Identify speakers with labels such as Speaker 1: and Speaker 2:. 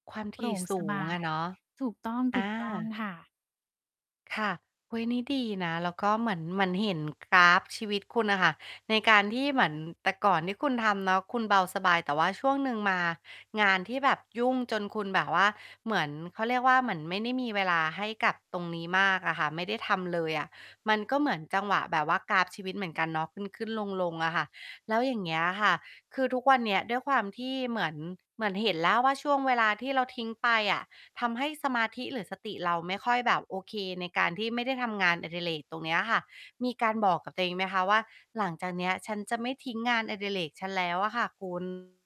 Speaker 1: ความถ
Speaker 2: โปร่
Speaker 1: ี่
Speaker 2: ง
Speaker 1: ส
Speaker 2: ส
Speaker 1: ู
Speaker 2: บา
Speaker 1: งอะ
Speaker 2: ย
Speaker 1: เนาะ
Speaker 2: ถูกต้อง
Speaker 1: อ
Speaker 2: ถู
Speaker 1: า
Speaker 2: กต้อง ค่ะ
Speaker 1: ค่ะ อุ๊ย นี่ดีนะ แล้วก็เหมือน เหมือนเห็นกราฟชีวิตคุณน่ะค่ะ ในการที่เหมือน แต่ก่อนที่คุณทำเนาะ คุณเบาสบายแต่ว่าช่วงหนึ่งมา งานที่แบบยุ่งจนคุณแบบว่า เหมือน เขาเรียกว่าเหมือนไม่ได้มีเวลาให้กับตรงนี้มากอะค่ะ ไม่ได้ทำเลยอะ มันก็เหมือนจังหวะแบบว่ากราฟชีวิตเหมือนกันเนาะ ขึ้น ๆ ลง ๆ อะค่ะ แล้วอย่างเงี้ยค่ะ คือทุกวันเนี้ยด้วยความที่เหมือน เหมือนเห็นแล้วว่าช่วงเวลาที่เราทิ้งไปอะ ทำให้สมาธิ หรือสติเราไม่ค่อยแบบโอเคในการที่ไม่ได้ทำงานอดิเรกตรงเนี้ยค่ะ มีการบอกกับตัวเองไหมคะว่า หลังจากเนี้ยฉันจะไม่ทิ้งงานอดิเรกฉันแล้วอะค่ะ คุณ